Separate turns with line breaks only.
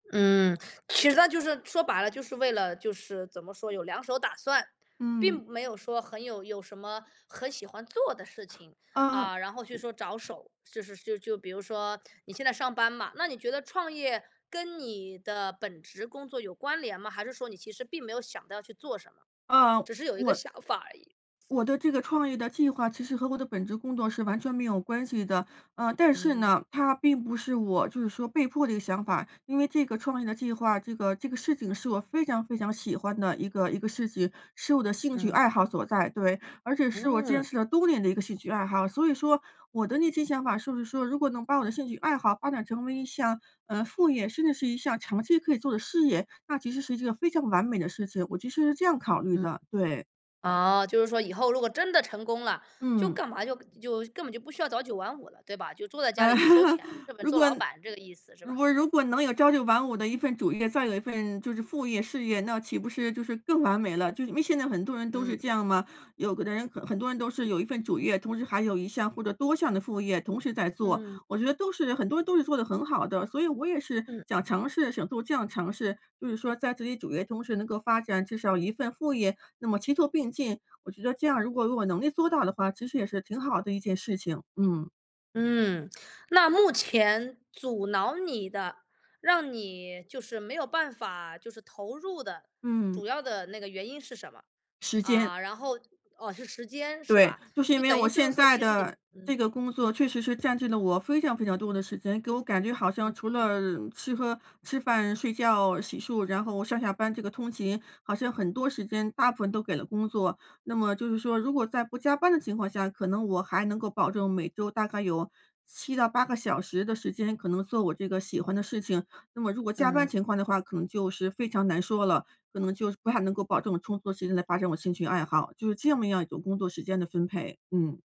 嗯，其实那就是说白了就是为了就是怎么说，有两手打算。
嗯。
并没有说很有有什么很喜欢做的事情，
呃
啊，然后去说着手，就是就就比如说你现在上班嘛，那你觉得创业跟你的本职工作有关联吗？还是说你其实并没有想到要去做什么，
呃
只是有一个
我
想法而已。
我的这个创业的计划其实和我的本职工作是完全没有关系的。呃，但是
嗯。
呢，它并不是我就是说被迫的一个想法，因为这个创业的计划，这个这个事情是我非常非常喜欢的一个一个事情，是我的兴趣
嗯。
爱好所在。对，而且是我坚
嗯。
持了多年的一个兴趣爱好，所以说我的那些想法是不是说如果能把我的兴趣爱好发展成为一项，呃，副业，甚至是一项长期可以做的事业，那其实是一个非常完美的事情。我其实是这样考虑
嗯，
的，对。
哦，就是说以后如果真的成功了，就
嗯。
干嘛就就根本就不需要早9晚5了，对吧？就坐在家
呃，
里就收钱，根本
如
做
果
老板这个意思，是
如
吧？
果如果能有朝9晚5的一份主业，再有一份就是副业事业，那岂不是就是更完美了？就是因为现在很多人都
嗯。
是这样嘛，有的人很多人都是有一份主业，同时还有一项或者多项的副业同时在做，
嗯。
我觉得都是很多人都是做得很好的，所以我也是
嗯。
想尝试想做这样尝试。就是说在自己主业同时能够发展至少1份副业，那么齐做并进，我觉得这样如果我有能力做到的话，其实也是挺好的一件事情，嗯。
嗯，那目前阻挠你的，让你就是没有办法，就是投入的，
嗯。
主要的那个原因是什么？
时间。
啊，然后哦，是时间，是
对，
吧？
就是因
就
为
等
我
于就是
现
说
在
其实你
的这
嗯，
个工作
嗯。
确实是占据了我非常非常多的时间。给我感觉好
嗯
像除
嗯嗯。
了吃喝吃饭、睡觉、洗漱，然后上下班这个通勤，好像很多时间大部分都给了工作。那么就是说，如果在不加班的情况下，可能我还能够保证每周大概有7到8个小时的时间可能做我这个喜欢的事情。那么如果加班
嗯。
情况的话，可能就是非常难说了，可能就是不太能够保证有充足的时间来发展我兴趣爱好。就是这么样一种工作时间的分配，嗯。